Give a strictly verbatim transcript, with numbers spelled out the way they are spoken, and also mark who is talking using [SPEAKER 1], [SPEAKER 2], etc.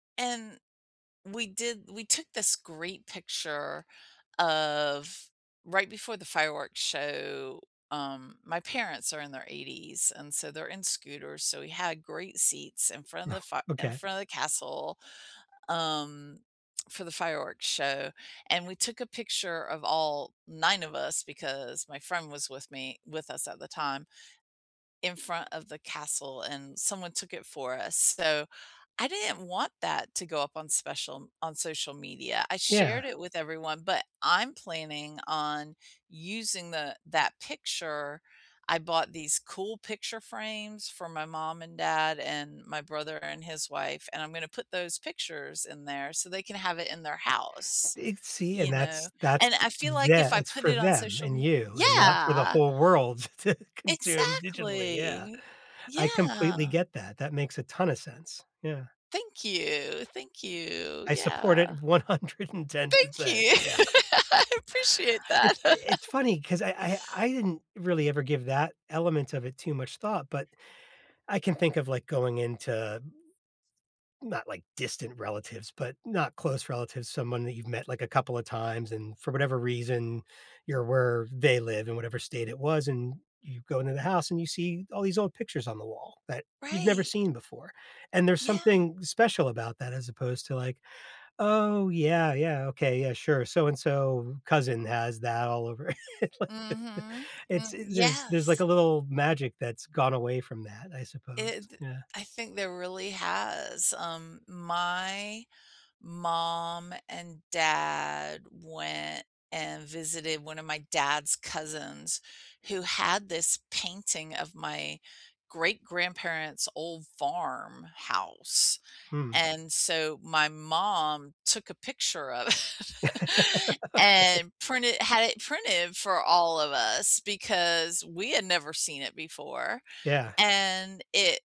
[SPEAKER 1] And we did we took this great picture of right before the fireworks show um my parents are in their eighties, and so they're in scooters, so we had great seats in front of the
[SPEAKER 2] Oh,
[SPEAKER 1] fire in
[SPEAKER 2] okay.
[SPEAKER 1] front of the castle, um, for the fireworks show, and we took a picture of all nine of us, because my friend was with me with us at the time, in front of the castle, and someone took it for us, so, I didn't want that to go up on special on social media. I
[SPEAKER 2] Yeah.
[SPEAKER 1] shared it with everyone, but I'm planning on using the that picture. I bought these cool picture frames for my mom and dad, and my brother and his wife, and I'm gonna put those pictures in there so they can have it in their house.
[SPEAKER 2] It's see, and
[SPEAKER 1] You know?
[SPEAKER 2] that's that's
[SPEAKER 1] And I feel like if
[SPEAKER 2] tha
[SPEAKER 1] I
[SPEAKER 2] it's
[SPEAKER 1] put
[SPEAKER 2] for
[SPEAKER 1] it on
[SPEAKER 2] them,
[SPEAKER 1] social
[SPEAKER 2] and
[SPEAKER 1] m
[SPEAKER 2] you, and not for the
[SPEAKER 1] Yeah!
[SPEAKER 2] whole world to consume digitally, yeah.
[SPEAKER 1] Exactly.
[SPEAKER 2] I completely
[SPEAKER 1] Yeah.
[SPEAKER 2] get that, that makes a ton of sense. Yeah.
[SPEAKER 1] Thank you. Thank you.
[SPEAKER 2] I support
[SPEAKER 1] Yeah.
[SPEAKER 2] it one hundred and ten
[SPEAKER 1] Thank
[SPEAKER 2] percent, yeah.
[SPEAKER 1] you, I appreciate
[SPEAKER 2] It
[SPEAKER 1] that.
[SPEAKER 2] i it's funny, 'cause I I I didn't really ever give that element of it too much thought, but I can think of, like, going into not, like, distant relatives, but not close relatives someone that you've met, like, a couple of times, and for whatever reason, you're where they live, and whatever state it was, and you go into the house, and you see all these old pictures on the wall that you've never
[SPEAKER 1] Right.
[SPEAKER 2] seen before, and there's
[SPEAKER 1] Yeah.
[SPEAKER 2] something special about that, as opposed to, like, "Oh, yeah, yeah, okay, yeah, sure, so-and-so cousin has that all over." It like there
[SPEAKER 1] Mhm,
[SPEAKER 2] It's
[SPEAKER 1] mm
[SPEAKER 2] in there's there's a
[SPEAKER 1] yes.
[SPEAKER 2] little magic that's gone away from that, I suppose,
[SPEAKER 1] It th
[SPEAKER 2] yeah.
[SPEAKER 1] I think there really has, um, my mom and dad went and visited one of my dad's cousins, who had this painting of my great grandparents' old farm house,
[SPEAKER 2] Hmm.
[SPEAKER 1] and so, my mom took a picture of it,
[SPEAKER 2] [unintelligible]
[SPEAKER 1] and printed had it printed for all of us, because we had never seen it before,
[SPEAKER 2] Yeah.
[SPEAKER 1] and it